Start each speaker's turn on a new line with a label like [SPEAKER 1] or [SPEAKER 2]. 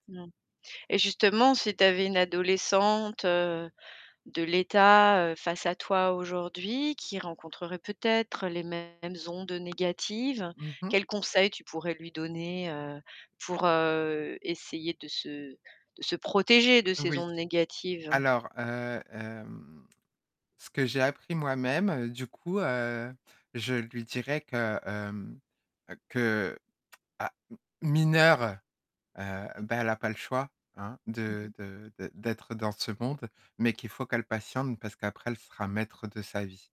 [SPEAKER 1] Non. Et justement si tu avais une adolescente, heu, de l'état, heu, face à toi aujourd'hui qui rencontrerait peut-être les mêmes ondes négatives,
[SPEAKER 2] Mmh mh.
[SPEAKER 1] quels conseils tu pourrais lui donner, heu, pour, heu, essayer de se de se protéger de ces
[SPEAKER 2] Oui.
[SPEAKER 1] ondes négatives?
[SPEAKER 2] Alors heu, hem, ce que j'ai appris moi-même du coup, heu, je lui dirais que, hem, que ah, mineure? Heu, ben, elle a pas le choix, hein,
[SPEAKER 1] Mmh
[SPEAKER 2] de
[SPEAKER 1] mh.
[SPEAKER 2] de d'ê d'être dans ce monde, mais qu'il faut qu'elle patiente parce qu'après elle sera maître de sa vie.